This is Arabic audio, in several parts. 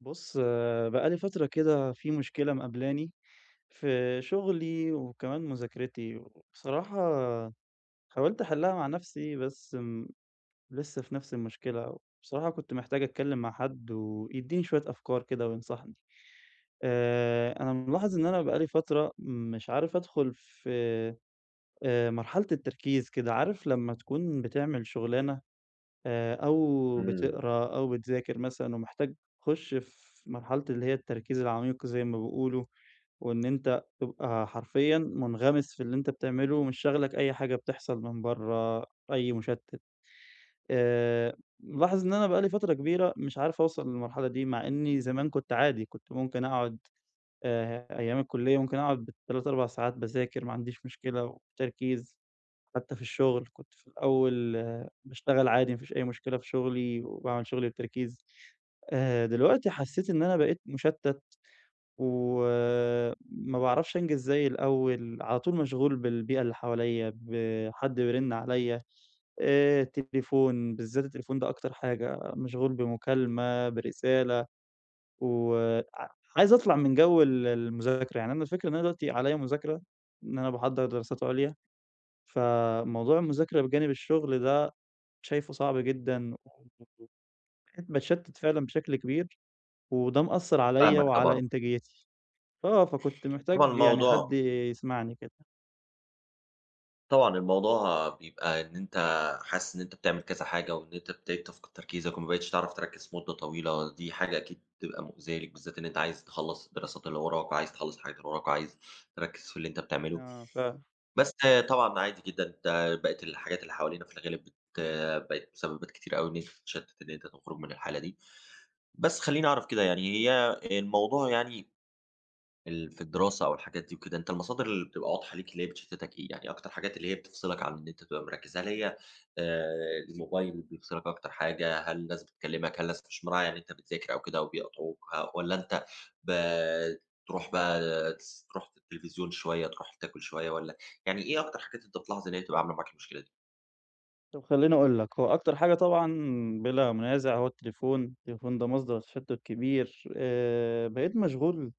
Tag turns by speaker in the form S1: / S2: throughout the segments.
S1: بُص، بقى لي فترة كده في مشكلة مقابلاني، في شغلي، وكمان مذاكرتي، وبصراحة حاولت أحلها مع نفسي بس م لسه في نفس المشكلة. وبصراحة كنت محتاج أتكلم مع حد، ويدّيني شوية أفكار كده، وينصحني. آآ أنا ملاحظ إن أنا بقى لي فترة مش عارف أدخل في آآ مرحلة التركيز كده، عارف لما تكون بتعمل شغلانة، آآ أو
S2: إمم.
S1: بتقرا أو بتذاكر مثلًا، ومحتاج تخُش في مرحلة اللي هي التركيز العميق زي ما بيقولوا وإن أنت تبقى حرفيًا منغمس في اللي أنت بتعمله، مش شاغلك أي حاجة بتحصل من برّا، أي مشتت. آآ ملاحظ إن أنا بقالي فترة كبيرة مش عارف أوصل للمرحلة دي، مع إني زمان كنت عادي، كنت ممكن أقعد آآ أيام الكلية ممكن أقعد بال3، 4 ساعات باذاكر ما عنديش مشكلة، وبتركيز. حتى في الشغل كنت في الأول باشتغل عادي، ما فيش أي مشكلة في شغلي، وباعمل شغلي بتركيز. آآ دلوقتي حسيت إن أنا بقيت مشتت، و ما باعرفش أنجز زي الأول، على طول مشغول بالبيئة اللي حواليّا، بحد بيرن عليّا آآ تليفون، بالذات التليفون ده أكتر حاجة، مشغول بمكالمة، برسالة، وع عايز أطلع من جو ال المذاكرة يعني أنا الفكرة إن أنا دلوقتي عليّا مذاكرة، إن أنا باحضر دراسات عُليا، ف موضوع المذاكرة بجانب الشغل ده شايفه صعب جدًا، وبقيت باتشتت فعلًا بشكل كبير، وده مأثر عليّا
S2: فاهمك،
S1: وعلى
S2: طبعًا.
S1: إنتاجيتي. آه، فكنت
S2: طبعًا
S1: محتاج يعني حد
S2: الموضوع
S1: يسمعني كده.
S2: طبعًا الموضوع بيبقى إن أنتَ حاسس إن أنتَ بتعمل كذا حاجة، وإن أنتَ ابتديت تفقد تركيزك، وما بقيتش تعرَف تركّز مدَّة طويلة. دي حاجة أكيد بتبقى مؤذية ليك، بالذات إن أنتَ عايِز تخلَّص الدراسات اللي وراك، وعايِز تخلَّص الحاجات اللي وراك، وعايِز تركّز في اللي أنتَ بتعمله.
S1: آه ف
S2: بس طبعًا ده عادي جدًا، ده بقت الحاجات اللي حوالينا في الغالب بت بقِت سببت كتير أوي إن أنتَ تتشتَّت، إن أنتَ تخرُج من الحالة دي. بس خلّيني أعرف كده يعني، هي الموضوع يعني ال في الدراسة أو الحاجات دي وكده، أنتَ المصادر اللي بتبقى واضحة ليك اللي هي بتشتتك إيه؟ يعني أكتر حاجات اللي هي بتفصلَك عن إن أنتَ تبقى مركّز، هل هي آآ، الموبايل بيفصلَك أكتر حاجة؟ هل ناس بتكلّمك؟ هل ناس مش مراعية إن أنتَ بتذاكر أو كده وبيقاطعوك؟ ه والّا أنتَ بترُوح بقى تس ترُوح للتلفزيون شوية، ترُوح تاكُل شوية، والّا يعني إيه أكتر حاجات أنتَ بتلاحظ إن هي بتبقى عاملة معاك المشكلة دي؟
S1: طَب خلّيني أقول لك، هو أكتر حاجة طبعًا بلا منازع هو التليفون. التليفون ده مصدر تشتت كبير. آآ بقيت مشغول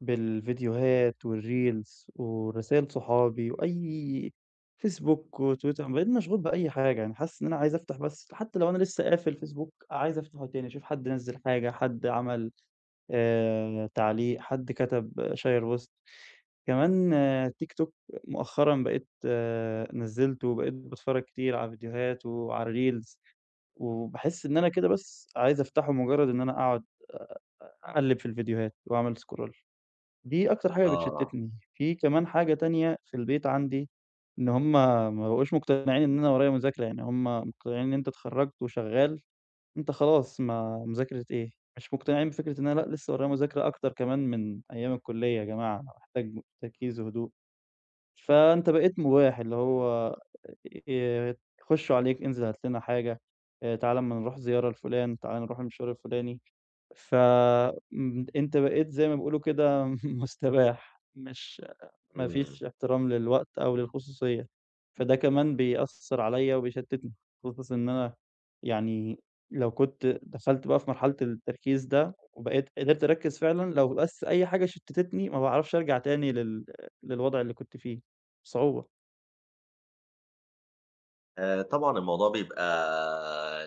S1: بالفيديوهات والReels ورسايل صحابي، وأي Facebook وTwitter، وبقيت مشغول بأي حاجة، يعني حاسس إن أنا عايز أفتح بس، حتى لو أنا لسه قافل Facebook عايز أفتحه تاني، أشوف حد نَزل حاجة، حد عمل، آآ تعليق، حد كتب، شيّر post. كمان TikTok مؤخرًا بقيت نزلته وبقيت باتفرج كتير على فيديوهات وعلى الReels، وباحس إن أنا كده بس عايز أفتحه مجرد إن أنا أقعد، أ أ أقلب في الفيديوهات وأعمل scroll. دي أكتر حاجة
S2: آه.
S1: بتشتتني. في كمان حاجة تانية في البيت عندي، إن هُم ما بقوش مقتنعين إن أنا ورايا مذاكرة، يعني هُم مقتنعين إن أنت اتخرجت وشغال، أنت خلاص، ما مذاكرة إيه؟ مش مقتنعين بفكرة إن أنا لأ، لسه ورايا مذاكرة أكتر كمان من أيام الكلية يا جماعة، أنا محتاج تركيز وهدوء. فأنت بقيت مباح، اللي هو ي يخشوا عليك، انزل هات لنا حاجة، آآ تعالَ أمّا نروح زيارة لفلان، تعالَ نروح المشوار الفلاني. ف م أنت بقيت زي ما بيقولوا كده م مستباح، مش ما
S2: إمم.
S1: فيش احترام للوقت أو للخصوصية، فده كمان بيأثّر عليّا وبيشتتني، خصوصًا إن أنا يعني لو كنت دخلت بقى في مرحلة التركيز ده وبقيت قدرت أركز فعلًا، لو بس أي حاجة شتِتتني ما باعرفش أرجع تاني لل للوضع اللي كنت فيه بصعوبة.
S2: آآ طبعًا الموضوع بيبقى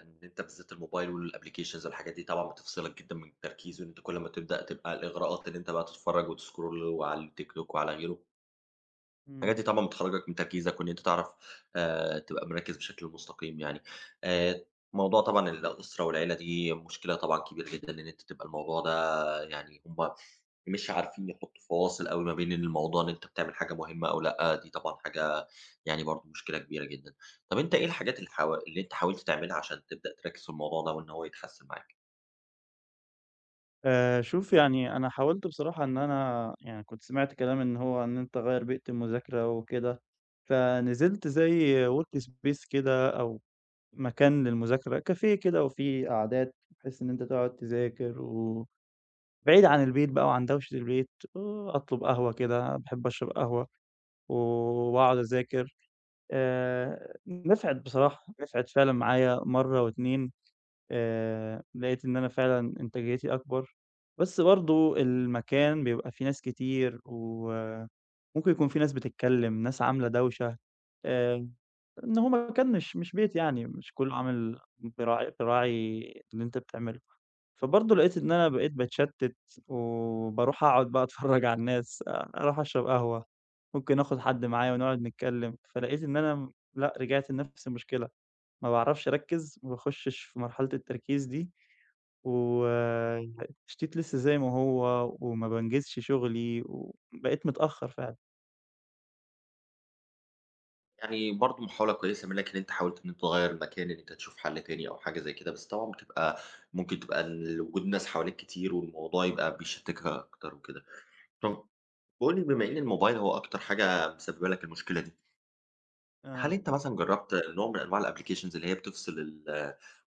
S2: إن أنت بالذات الموبايل والapplications والحاجات دي طبعًا بتفصلك جدًا من التركيز، وإن أنت كل امّا تبدأ تبقى الإغراءات إن أنت بقى تتفرج وتscroll وعلى الTikTok وعلى غيره.
S1: إمم.
S2: الحاجات دي طبعًا بتخرجك من تركيزك، وإن أنت تعرف آآ تبقى مركِّز بشكل مستقيم يعني. آآ موضوع طبعًا الأسرة والعيلة دي مشكلة طبعًا كبيرة جدًا إن أنت تبقى الموضوع ده يعني هُم مش عارفين يحطوا فواصل أوي ما بين الموضوع إن أنت بتعمل حاجة مهمة أو لأ، دي طبعًا حاجة يعني برضه مشكلة كبيرة جدًا. طّب أنت إيه الحاجات اللي حوا اللي أنت حاولت تعملها عشان تبدأ تركز في الموضوع ده، وإن هو يتحسن معاك؟
S1: آآ شوف يعني أنا حاولت بصراحة إن أنا يعني كنت سمعت كلام إن هو إن أنت غيّر بيئة المذاكرة وكده، فنزلت زي workspace كده أو مكان للمذاكرة، cafe كده وفيه قعدات، بحيث إن أنت تقعد تذاكر و بعيد عن البيت بقى وعن دوشة البيت وأطلب قهوة كده، باحب أشرب قهوة، و وأقعد أذاكر. آآ نِفعِت بصراحة، نِفعِت فعلًا معايا مرة واتنين. آآ لقيت إن أنا فعلًا إنتاجيتي أكبر. بس برضه المكان بيبقى فيه ناس كتير، وممكن يكون فيه ناس بتتكلم، ناس عاملة دوشة. آآ إن هو مكان مش مش بيت يعني، مش كله عامل بيراعي بيراعي اللي أنت بتعمله. فبرضه لقيت إن أنا بقيت باتشتت، وباروح أقعد بقى أتفرج على الناس، آآ أروح أشرب قهوة، ممكن آخد حد معايا ونقعد نتكلم، فلقيت إن أنا، م لأ، رجعت لنفس المشكلة، ما باعرفش أركز، ما باخشش في مرحلة التركيز دي، و [unintelligible] التشتيت لسه زي ما هو، وما بانجزش شغلي، وبقيت متأخر فعلًا.
S2: يعني برضه محاولة كويسة منك إن أنت حاولت إن أنت تغيّر المكان، إن أنت تشوف حل تاني أو حاجة زي كده، بس طبعًا بتبقى ممكن تبقى ل وجود ناس حواليك كتير، والموضوع يبقى بيشتتك أكتر وكده. طّب قُل لي بما إن الموبايل هو أكتر حاجة مسببة لك المشكلة دي. هل
S1: آه.
S2: أنت مثلًا جربت نوع من أنواع الapplications اللي هي بتفصل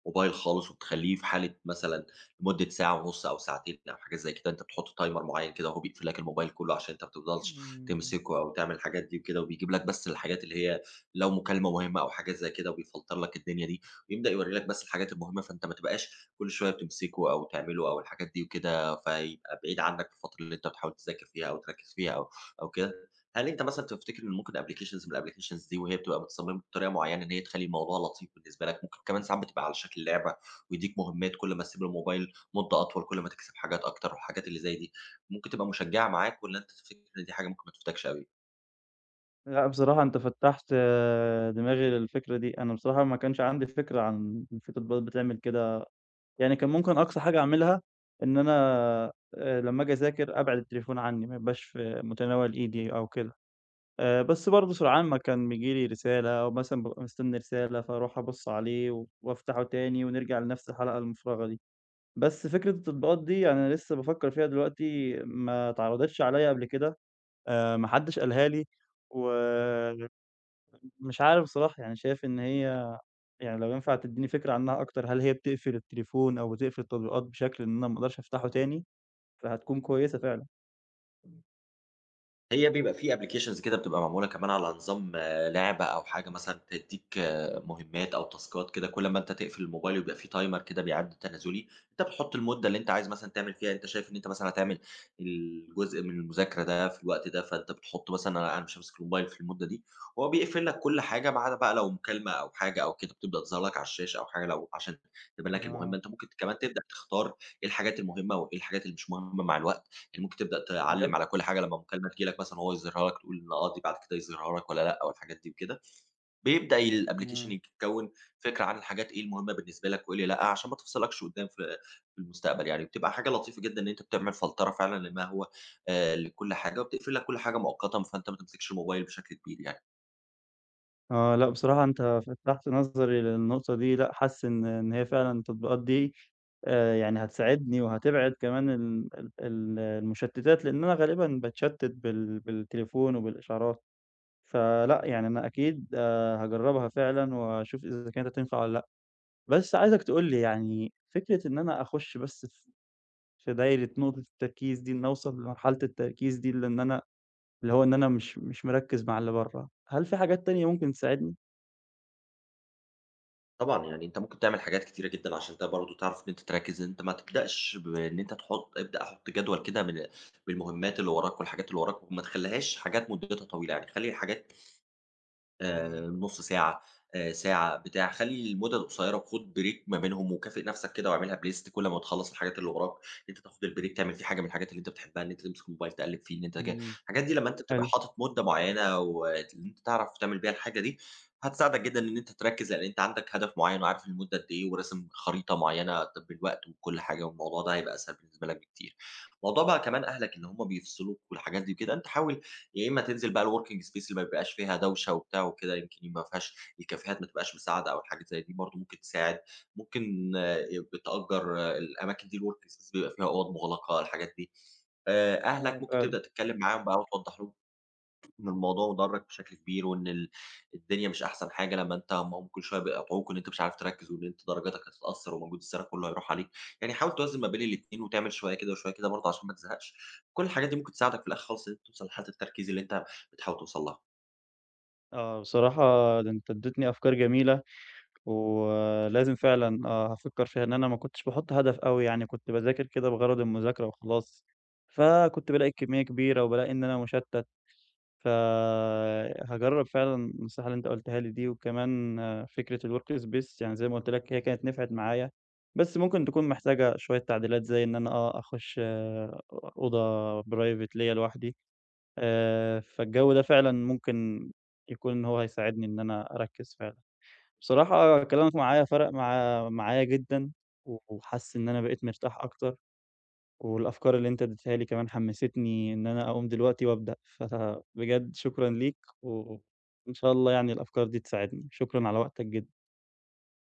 S2: الموبايل خالص وبتخليه في حالة مثلًا لمدة ساعة ونص أو ساعتين أو حاجة زي كده، أنت بتحط timer معين كده وهو بيقفل لك الموبايل كله عشان أنت ما تفضلش
S1: إمم.
S2: تمسكه أو تعمل الحاجات دي وكده، وبيجيب لك بس الحاجات اللي هي لو مكالمة مهمة أو حاجات زي كده وبيفلتر لك الدنيا دي، ويبدأ يورِّي لك بس الحاجات المهمة، فأنت ما تبقاش كل شوية بتمسكه أو تعمله أو الحاجات دي وكده. فيبقى بعيد عنك في الفترة اللي أنت بتحاول تذاكر فيها أو تركز فيها أو أو كده. هل أنت مثلًا تفتكر إن ممكن applications من الapplications دي وهي بتبقى متصممة بطريقة معينة إن هي تخلّي الموضوع لطيف بالنسبة لك، ممكن كمان ساعات تبقى على شكل لعبة، ويديك مهمات كل ما تسيب الموبايل مدة أطول كل ما تكسب حاجات أكتر والحاجات اللي زي دي، ممكن تبقى مشجعة معاك، والّا أنت تفتكر إن دي حاجة ممكن ما تفيدكش أوي؟
S1: لأ، بصراحة أنت فتّحت دماغي للفكرة دي. أنا بصراحة ما كانش عندي فكرة عن إن في تطبيقات بتعمل كده. يعني كان ممكن أقصى حاجة أعملها إن أنا، آآ لما أجي أذاكر أبعِد التليفون عني ما يبقاش في متناول إيدي أو كده. آآ بس برضه سرعان ما كان بييجي لي رسالة أو مثلًا بابقى مستنى رسالة، فأروح أبُص عليه وأفتحه تاني ونرجع لنفس الحلقة المفرغة دي. بس فكرة التطبيقات دي أنا لسه بافكر فيها دلوقتي ما اتعرضتش عليَّا قبل كده. آآ ما حدش قالها لي، و [unintelligible] مش عارف بصراحة، يعني شايف إن هي يعني لو ينفع تديني فكرة عنها أكتر، هل هي بتقفل التليفون أو بتقفل التطبيقات بشكل إن أنا ما أقدرش أفتحه تاني؟ فهتكون كويسة فعلًا.
S2: هي بيبقى فيه applications كده بتبقى معمولة كمان على نظام لعبة أو حاجة مثلًا تديك مهمات أو تاسكات كده كُلّ امّا أنت تقفل الموبايل ويبقى فيه timer كده بيعد تنازلي، أنت بتحط المدة اللي أنت عايز مثلًا تعمل فيها أنت شايف إن أنت مثلًا هتعمل الجزء من المذاكرة ده في الوقت ده، فأنت بتحط مثلًا أنا قاعد مش هامسك الموبايل في المدة دي، وهو بيقفل لك كل حاجة ما عدا بقى لو مكالمة أو حاجة أو كده بتبدأ تظهِر لك على الشاشة أو حاجة لو عشان تبان لك المهمة،
S1: آه.
S2: أنت ممكن ت كمان تبدأ تختار إيه الحاجات المهمة وإيه الحاجات اللي مش مهمة مع الوقت، إن ممكن تبدأ
S1: بجد!
S2: تعلّم على كُلّ حاجة، لمّا مكالمة تيجي لك مثلًا هو يظهرها لك تقول إن آه، دي بعد كده يظهرها لك والَّا لأ، أو الحاجات دي وكده، بيبدأ الapplication
S1: إمم.
S2: يك كوّن فكرة عن الحاجات إيه المهمة بالنسبة لك وإيه اللي لأ، عشان ما تفصِلكش قدّام في في المستقبل يعني، وبتبقى حاجة لطيفة جدًا إن أنت بتعمل فلترة فعلًا لمَا هو آآ لكُلّ حاجة، وبتقفل لك كل حاجة مؤقتًا، فأنت ما تمسكش الموبايل بشكل كبير يعني.
S1: آه، لأ بصراحة أنت فتّحت نظري للنقطة دي، لأ حاسس إن إن هي فعلًا التطبيقات دي، آآ، يعني هتساعدني وهتبعد كمان ال ال المشتّتات، لأن أنا غالبًا باتشتِّت بال بال بالتليفون وبالإشعارات، فلأ، يعني أنا أكيد، آآ، هاجرّبها فعلًا وأشوف إذا كانت هتنفع والَّا لأ، بس عايزك تقُول لي يعني فكرة إن أنا أخُشّ بس في في دايرة نقطة التركيز دي، إني أوصل لمرحلة التركيز دي، لإن أنا اللي هو إن أنا مش مش مركِّز مع اللي برّه، هل فيه حاجات تانية ممكن تساعدني؟
S2: طبعًا، يعني أنت ممكن تعمل حاجات كتيرة جدًا عشان أنت برضه تعرف إن أنت تركّز، إن أنت ما تبدأش بإن أنت تحُط ابدأ حُط جدول كده بال بالمهمّات اللي وراك والحاجات اللي وراك، وما تخلّيهاش حاجات مُدّتها طويلة يعني خلِّي الحاجات آآ
S1: إمم.
S2: نُص ساعة، آآ ساعة، بتاع. خلّي المُدَد قصيرة وخُد break ما بينهم، وكافئ نَفْسك كده واعملها بlist كل أمّا تخلّص الحاجات اللي وراك، إن أنت تاخُد الbreak تعمل فيه حاجة من الحاجات اللي أنت بتحبّها، إن أنت تمسك الموبايل تقلِّب فيه، إن أنت ج
S1: اهم.
S2: الحاجات دي لمّا أنت بتبقى
S1: حلو.
S2: حاطط مدة معيّنة وت اللي أنت تعرف تعمل بيها الحاجة دي، هتساعدك جدًا إن أنت تركّز، لإن أنت عندك هدف معيّن وعارف المدة قد إيه، وراسم خريطة معيّنة، طَب الوقت وكل حاجة والموضوع ده هيبقى أسهل بالنسبة لك بكتير. موضوع بقى كمان أهلك إن هم بيفصلوك والحاجات دي وكده، أنت حاول يا إمّا تنزل بقى الworking space اللي ما بيبقاش فيها دوشة وبتاع وكده، يمكن يبقى ما فيهاش الكافيهات ما تبقاش مساعدة أو الحاجات الي زي دي برضه ممكن تساعد، ممكن ي بتأجّر الأماكن دي الwork space بيبقى فيها أُوَض مُغلقة الحاجات دي. آآ
S1: آه،
S2: أهلك ممكن
S1: فعلًا.
S2: تبدأ تتكلِّم معاهم بقى وتوضّح لهم إن الموضوع ضرَّك بشكل كبير، وإن ال الدنيا مش أحسن حاجة لمّا أنت لمّا هم كل شوية بيقاطعوك وإن أنت مش عارف تركّز وإن أنت درجاتك هتتأثّر ومجهود السَنة كُلّه هيروح عليك. يعني حاول توازن ما بين الاتنين، وتعمل شوية كده وشوية كده برضه عشان ما تزهقش. كل الحاجات دي ممكن تساعدك في الأخِر خالص إن أنت توصل لحالة التركيز اللي أنت بتحاول توصل لها.
S1: آه، بصراحة ده أنت إدّيتني أفكار جميلة، ولازم فعلًا آه، هافكّر فيها إن أنا ما كنتش باحُط هدف أوي، يعني كنت باذاكر كده بغرض المذاكرة وخلاص. فكنت بالاقي الكمّية كبيرة وبالاقي إن أنا مُشتّت. ف هاجرّب فعلًا النصايح اللي أنت قُلتها لي دي وكمان فكرة الWork Space، يعني زي ما قُلت لك هي كانت نفعت معايا، بس ممكن تكون محتاجة شوية تعديلات زي إن أنا آه، أخُش أ أوضة Private ليّا لوحدي. آآ فالجَو ده فعلًا ممكن يكون إن هو هيساعدني إن أنا أركّز فعلًا. بصراحة كلامك معايا فرق مع معايا جدًا و وحاسس إن أنا بقيت مرتاح أكتر والأفكار اللي أنت إدّيتها لي كمان حمّسِتني إن أنا أقوم دلوقتي وأبدأ، فبجد شكرًا ليك و و وإن شاء الله يعني الأفكار دي تساعدني، شكرًا على وقتك جدًا.